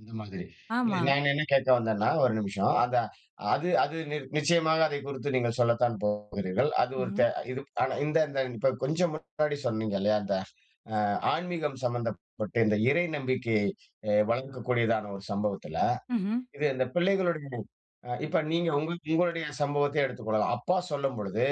இது மாதிரி. இல்ல ஆமா. நான் என்ன கேட்க வந்தேன்னா? 1 நிமிஷம் அந்த அது அது நிர் நிச்சயமாக அதை குறித்து நீங்கள் சொல்லத்தான் போகிறீர்கள். அது ஒரு ம்ஹ்ம். த இது ப் ஆனா இந்த இந்த இப்ப கொஞ்சம் முன்னாடி சொன்னீங்க இல்லையா, அந்த அ ஆன்மீகம் சம்மந்தப்பட்ட இந்த இறை நம்பிக்கையை எ வளர்கக்கூடியதான ஒரு சம்பவத்தில, ம்ஹ்ம். இது இந்த பிள்ளைகளுடைய அ இப்ப நீங்க உங்க உங்களுடைய சம்பவத்தையே எடுத்துக்கொள்ளலாம். அப்பா சொல்லும் பொழுது,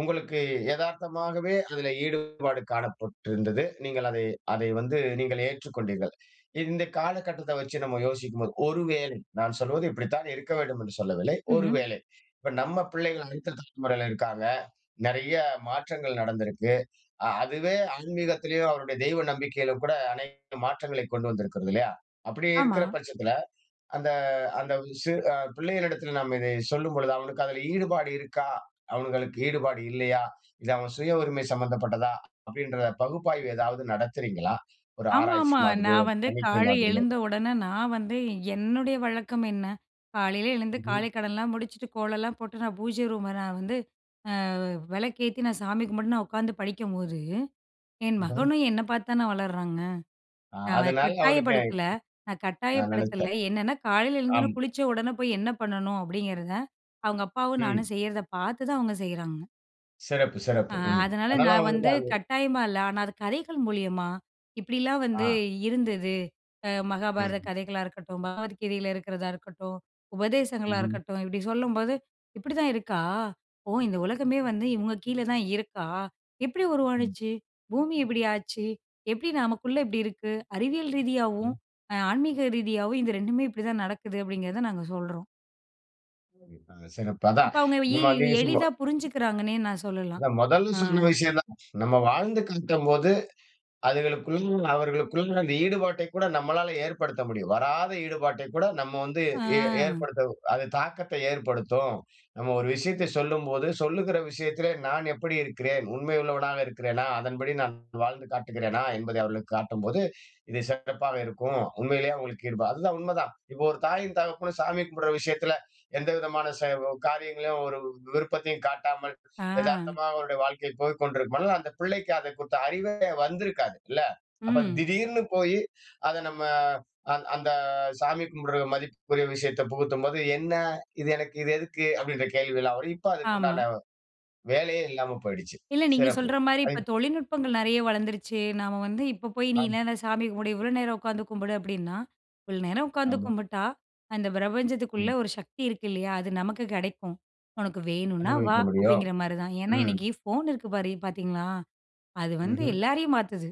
உங்களுக்கு எதார்த்தமாகவே அதில ஈடுபாடு காணப்பட்டிருந்தது. நீங்கள் அதை அதை வந்து நீங்கள் ஏற்றுக்கொண்டீர்கள். இந்த காலகட்டத்தை வச்சு நம்ம யோசிக்கும் போது, ஒரு வேளை நான் சொல்வது இப்படித்தான் இருக்க வேண்டும் என்று சொல்லவில்லை. ஒரு ம்ஹ்ம். வேளை, இப்ப நம்ம பிள்ளைகள் அடுத்த தலைமுறையில இருக்காங்க. நெறைய மாற்றங்கள் நடந்திருக்கு. அ அதுவே ஆன்மீகத்திலயும், அவருடைய தெய்வ நம்பிக்கையிலும் கூட அனைத்து மாற்றங்களை கொண்டு வந்திருக்கிறது இல்லையா. அப்படி ஆமா. இருக்கிற பட்சத்துல, அந்த அந்த சிறு அ பிள்ளைகளிடத்தில நாம் இதை சொல்லும் பொழுது, அவனுக்கு அதுல ஈடுபாடு இருக்கா? அவனுங்களுக்கு ஈடுபாடு இல்லையா? இது அவன் சுய உரிமை சம்மந்தப்பட்டதா? அப்படின்ற பகுப்பாய்வு எதாவது நடத்துறீங்களா? ஒரு ஆராய்ச்சி ஆமாமா. மாதிரியோ, நான் வந்து தணிக்கை காலை மாதிரியோ. எழுந்த உடனே, நான் வந்து என்னுடைய வழக்கம் என்ன? காலையில எழுந்து ம்ஹ்ம். காலைக்கடன்லாம் முடிச்சுட்டு, கோலலாம் போட்டு, நான் பூஜை ரூம நான் வந்து, அ விளக்கு ஏத்தி, நான் சாமி கும்பிட்டு நான் உக்காந்து படிக்கம்போது, என் [unintelligible] மகனும் என்னை பாத்து தானே வளர்றாங்க? அ நான் அ அதனால அவனுக்கு கட்டாயப்படுத்தல நான் நான் கட்டாயப்படுத்தல நெனச்சேன். என்னான்னா, காலையில எழுந்தோன்னே, ஆம். குளிச்ச உடனே போயி என்ன பண்ணணும்? அப்படிங்கிறத, அவுங்க அப்பாவும் ம். நானும் செய்யறதை பாத்து தான் அவுங்க செய்யுறாங்க. சிறப்பு! ஆ, சிறப்பு. ம். அதனால அதனால நான் அவனுக்கு வந்து, அது கட்டாயமா இல்லை. ஆனா அது கதைகள் மூலியமா, இப்படிலாம் வந்து ஆ. இருந்தது. அ மகாபாரத ம். கதைகளா இருக்கட்டும், பகவத்கீதையில இருக்கிறதா இருக்கட்டும், உபதேசங்களா ம்ஹ்ம். இருக்கட்டும், இப்டி சொல்லும்போது, இப்படிதான் இருக்கா? ஓ! இந்த உலகமே வந்து, இவுங்க கீழே தான் இருக்கா? எப்படி ம். உருவானுச்சு? பூமி இப்படி ஆச்சு! எப்படி நமக்குள்ளே இப்படி இருக்கு? அறிவியல் ரீதியாவும், ம். அ ஆன்மீக ரீதியாவும் இந்த 2மே இப்படிதான் நடக்குது, அப்படிங்கிறத நாங்க சொல்றோம். [unintelligible] சிறப்பு. அதான் அப்போ அவுங்க இந்த எ மாதிரி எளிதா [unintelligible] புரிஞ்சுக்குறாங்கன்னே நான் சொல்லலாம். அதான் மொதல் அ. சொன்ன விஷயம் தான். நம்ம வாழ்ந்து காட்டும் போது, அதுகளுக்குள்ள, அவர்களுக்குள்ள, அந்த ஈடுபாட்டை கூட நம்மளால ஏற்படுத்த முடியும். வராத ஈடுபாட்டை கூட நம்ம வந்து எ அ. ஏற்படுத்த அது தாக்கத்தை ஏற்படுத்தும். நம்ம ஒரு விஷயத்தை சொல்லும்போது, சொல்லுகிற விஷயத்திலே நான் எப்படி இருக்கிறேன்? உண்மையுள்ளவனாக இருக்கிறேனா? அதன்படி நான் வாழ்ந்து காட்டுகிறேனா? என்பதை அவர்களுக்கு காட்டும்போது, இது சிறப்பாக இருக்கும். உண்மையிலயே அவுங்களுக்கு ஈடுபா அதுதான் உண்மதான். இப்ப ஒரு தாயும் தகப்பனும் சாமி கும்பிடுற விஷயத்துல எந்த விதமான செ காரியங்களையும் ஒரு விருப்பத்தையும் காட்டாமல், ஆ. எதார்த்தமா அவருடைய வாழ்க்கை போய் கொண்டிருக்கும் பொழுது, அந்த பிள்ளைக்கு அத குறித்த அறிவே வந்திருக்காது இல்ல! அப்ப ம். திடீர்னு போயி அதை நம்ம அந் அந்த சாமி கும்பிடுற மதிப்புக்குரிய விஷயத்தை புகுத்தும்போது. "என்னா? இது எனக்கு இது எதுக்கு?" அப்படின்ற கேள்வி எல்லாம் வரும். இப்ப ஆமா. அதுக்குண்டான வேலையே இல்லாம போயிடுச்சு. இல்லை நீங்க சிறப்பு. சொல்ற மாரி இப்போ [unintelligible] தொழில்நுட்பங்கள் நெறைய வளர்ந்துருச்சு. நாம வந்து இப்போ போயி, "நீ ஆம். என்னான்ன, சாமி கும்பிடு! இவ்வளோ நேரம் உக்காந்து கும்பிடு"அப்படின்னா, "இவ்வளோ நேரம் உக்காந்து ஆமா. கும்பிட்டா, அந்த பிரபஞ்சத்துக்குள்ள ம். ஒரு சக்தி இருக்கு இல்லையா? அது நமக்கு கெடைக்கும் உனக்கு வேணுன்னா வா." அனுபவிக்க முடியும். அப்படிங்கிற மாரி தான். ஏன்னா ம். இன்னைக்கு ஃபோன் இருக்கு பாரு பாத்தீங்களா? அது வந்து ம்ஹ்ம். எல்லாரையும் மாத்துது.